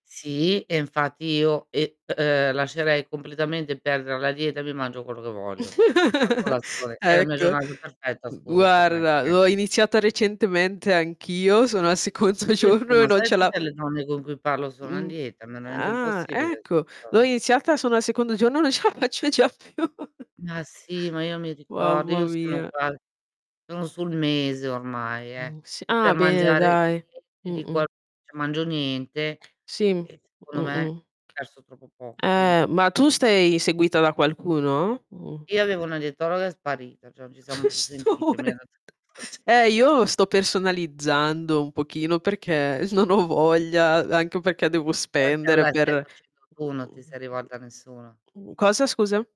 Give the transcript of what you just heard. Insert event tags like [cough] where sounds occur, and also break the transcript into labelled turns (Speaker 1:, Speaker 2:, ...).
Speaker 1: Sì, e infatti io e uhm, lascerei completamente perdere la dieta, e mi mangio quello che voglio. La
Speaker 2: [giggles]
Speaker 1: colazione è la mia
Speaker 2: Ecco.
Speaker 1: giornata perfetta,
Speaker 2: Mhmm,
Speaker 1: scusa per me,
Speaker 2: guarda
Speaker 1: che
Speaker 2: l'ho iniziata recentemente anch'io, sono al secondo
Speaker 1: Anche tu,
Speaker 2: giorno e
Speaker 1: ma
Speaker 2: non
Speaker 1: sai
Speaker 2: ce la
Speaker 1: tutte le donne con cui parlo sono a
Speaker 2: Mh.
Speaker 1: dieta? Me [unintelligible]
Speaker 2: Ah,
Speaker 1: impossibile.
Speaker 2: ecco. L'ho
Speaker 1: [unintelligible]
Speaker 2: iniziata, sono al secondo giorno, e non ce la faccio già più. [chuckles]
Speaker 1: Ma sì, ma io mi ricordo,
Speaker 2: Mamma
Speaker 1: io sono
Speaker 2: mia.
Speaker 1: uguale. Sono sul mese ormai, eh,
Speaker 2: Mh. S
Speaker 1: che
Speaker 2: ah,
Speaker 1: per
Speaker 2: bene,
Speaker 1: mangiare
Speaker 2: dai.
Speaker 1: [unintelligible] di
Speaker 2: Mh-mh.
Speaker 1: qual [unintelligible] mangio niente.
Speaker 2: Sì.
Speaker 1: E, secondo me,
Speaker 2: Mh-mh.
Speaker 1: perso troppo poco. Quindi
Speaker 2: Eh. Ma tu
Speaker 1: [unintelligible]
Speaker 2: sei seguita da qualcuno? Mh-mh.
Speaker 1: Io avevo una dietologa, è sparita, cioè, non ci siamo
Speaker 2: [chuckles]
Speaker 1: più
Speaker 2: Sto
Speaker 1: sentite. Mi ha
Speaker 2: more
Speaker 1: dato [unintelligible]
Speaker 2: Eh, io sto personalizzando un pochino perché non ho voglia, anche perché devo
Speaker 1: Uhm, te
Speaker 2: spendere
Speaker 1: la stai
Speaker 2: per
Speaker 1: facendo tu, non ti sei rivolta a
Speaker 2: [unintelligible]
Speaker 1: nessuno?
Speaker 2: mh, cosa scusa?